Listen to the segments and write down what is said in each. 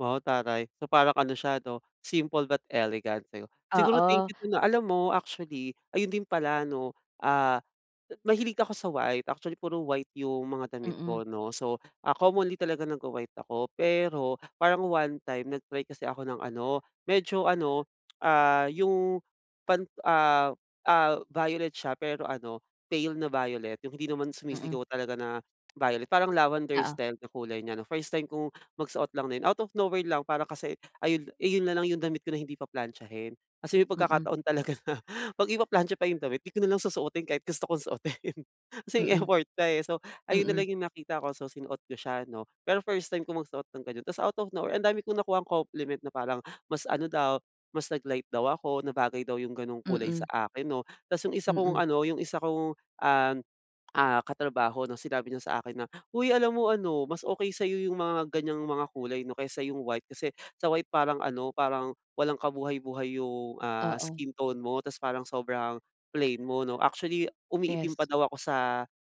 Wow taray. So parang ano siya 'no, simple but elegant, 'di ba? Siguro thank Oo. you don, ah. Alam mo actually ayun din pala 'no, ah mahilig ako sa white. Actually puro white yung mga damit Mm. ko, 'no. So ah, commonly talaga nag-wa-white ako. Pero parang one time nag-try kasi ako ng ano, medyo ano, ah, yung pan ah ah, violet siya pero ano pale na violet, yung hindi naman Mm. sumisigaw talaga na violet. Parang Lavender Oo. style yung kulay niya 'no. First time kong magsuot lang din, out of nowhere lang. Para kasi ayun eh, yun nalang yung damit ko na hindi pa-plantsahin. Kasi may Mm. pagkakataon talaga na pag ipaplantsa pa yung damit di ko nalang susuotin kahit gusto kong suotin. Kasi Mm. yung effort pa eh, so ayun na Mm. lang yung nakita ko so sinuot ko siya 'no. Pero first time ko magsuot ng ganun, tapos out of no-where, ang dami kong nakuhang compliment na parang mas ano daw, mas nag-light daw ako, na bagay daw yung ganong kulay Mm. sa akin, 'no. 'Tapos yung isa kong Mm. ano yung isa kong um, ah, katrabaho 'no, sinabi niya sa akin na, "Hoy alam mo ano mas okey sa'yo yung mga ganyang mga kulay 'no, kaysa yung white, kasi sa white parang ano parang walang kabuhay-buhay yung ah, Oo. skin tone mo. 'Tapos parang sobrang plain mo, 'no." Actually, umiitim pa Yes. daw ako sa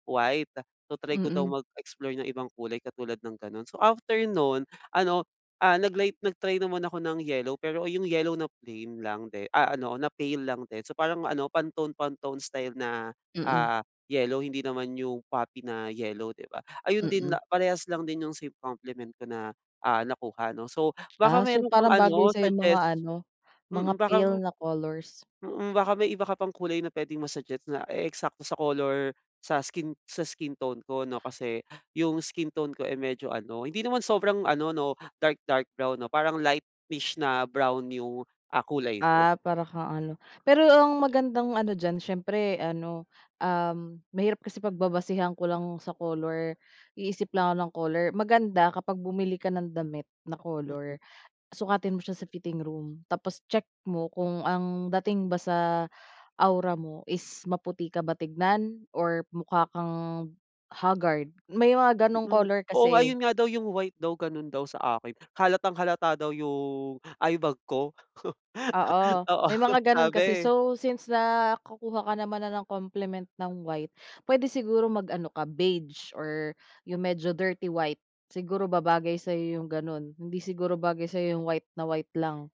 white, so try ko daw Mm. mag-explore ng ibang kulay, katulad ng ganon. So, after nun, ano ah, nag-light nag-try naman ako ng yellow. Pero yung yellow na plain lang di ah, ano na pale lang din, so parang ano pantone pantone style na Mm. ah, yellow. Hindi naman yung poppy na yellow 'di ba? Ayun din Mm. parehas lang din yung sa compliment ko na ah, nakuha 'no. So baka Ah so, meron kang parang bagay ano sa'yo yung mga suggest ano, mga Mm baka, pale na colors. mm, baka may iba ka pang kulay na puwedeng ma-suggest na e-eksakto sa color sa skin sa skin tone ko, 'no? Kasi yung skin tone ko eh, medyo ano, hindi naman sobrang ano 'no, dark dark brown 'no, parang lightish na brown yung ah, kulay ko. Ah, para kang ano, pero ang magandang ano diyan siyempre ano, um, mahirap kasi pagbabasehan ko lang sa color, iisip lang ako ng color. Maganda kapag bumili ka ng damit na color. Sukatin mo siya sa fitting room, tapos check mo kung ang dating ba sa aura mo is maputi ka ba tignan or mukha kang hagard? May mga ganong Mm. color Oo kasi nga, eh. yun nga daw yung white daw ganun daw sa akin, halatang-halata daw yung eyebag ko. Oo Oo, may mga ganun kasi, sabi. so since nakukuha ka naman ng compliment ng white, puwede siguro mag-ano ka beige or yung medyo dirty white, siguro babagay sa'yo yung ganun. Hindi siguro bagay sa'yo yung white na white lang.